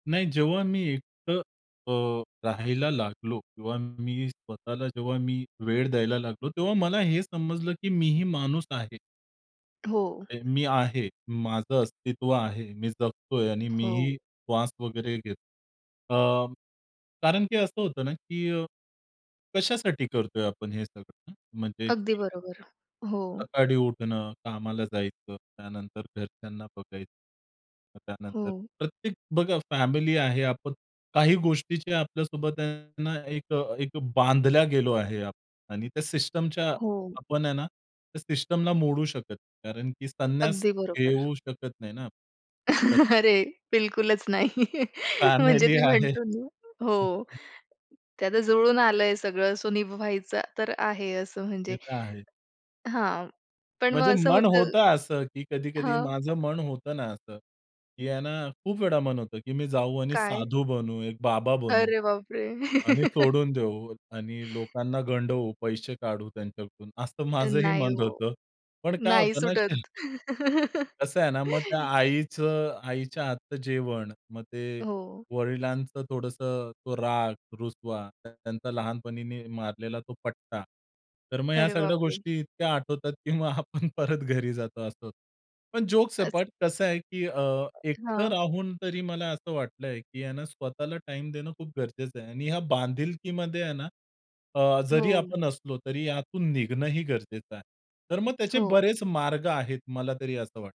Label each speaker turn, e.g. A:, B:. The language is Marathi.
A: नाही, जेव्हा मी एकटं अ, राहायला लागलो किंवा मी स्वतःला जेव्हा मी वेळ द्यायला लागलो; तेव्हा मला हे समजलं की मी ही माणूस आहे.
B: हो.
A: अ, मी आहे, माझं अस्तित्व आहे. मी जगतोय आणि मीही
B: हो.
A: श्वास वगैरे घेतो. अ, कारण की असं होतं ना की अ, कशासाठी करतोय आपण हे सगळं ना? म्हणजे,
B: अगदी
A: की
B: बरोबर. हो.
A: सकाळी उठणं, कामाला जायचं, त्यानंतर घरच्यांना बघायचं. अ, त्यानंतर
B: हो.
A: प्रत्येक बघा फॅमिली आहे आपण, काही गोष्टीच्या आपल्यासोबत आहे ना, एक एक बांधल्या गेलो आहे आप आणि त्या सिस्टमच्या
B: हो.
A: आपण आहे ना, त्या सिस्टमला मोडू शकतं. कारण की संन्यास
B: अगदी बरोबर.
A: घेऊ शकत नाही ना. तर
B: अरे! बिलकुलच नाही. म्हणजे
A: फॅमिली
B: ते
A: आहे.
B: म्हणतो ना हो, ते आता जुळून आलंय सगळं सो निभावायचं तर आहे असं
A: ते
B: म्हणजे
A: तर आहे.
B: हां. पण
A: म्हणजे
B: मग असं
A: मन
B: होतं
A: होत असं, की कधी-कधी
B: हं.
A: माझं मन होतं ना असं, की आहे ना खूप वेळा मन होतं, की मी जाऊ आणि
B: काय?
A: साधू बनू, एक बाबा बनू.
B: अरे बाप रे!
A: आणि सोडून देऊ आणि लोकांना गंडवू पैसे काढू त्यांच्याकडून असं
B: अ,
A: माझंही
B: नाही
A: मन
B: ओ.
A: होतं. पण काय
B: नाही
A: होतं ना श [unintelligible]
B: सुटत.
A: कसं आहे ना, मग त्या आईचं आईच्या हातचं जेवण मग ते
B: हो.
A: वडिलांचं थोडंस तो राग, रुसवा, त्यांचा लहानपणीने मारलेला तो पट्टा. तर मग ह्या
B: अरे
A: सगळ्या
B: बाप रे!
A: गोष्टी इतक्या आठवतात, की मग आपण परत घरी जातो असं. पण जोक्स
B: असं.
A: अपार्ट कसं आहे, की अ, एकटं
B: हां.
A: राहून तरी मला असं वाटलंय, की आहे ना स्वतःला टाईम देणं खूप गरजेचं आहे. आणि या बांधिलकीमध्ये आहे ना अ, जरी
B: हो.
A: आपण असलो तरी यातून निघणंही गरजेचं आहे. तर मग त्याचे
B: हो.
A: बरेच मार्ग आहेत मला तरी असं वाटतं.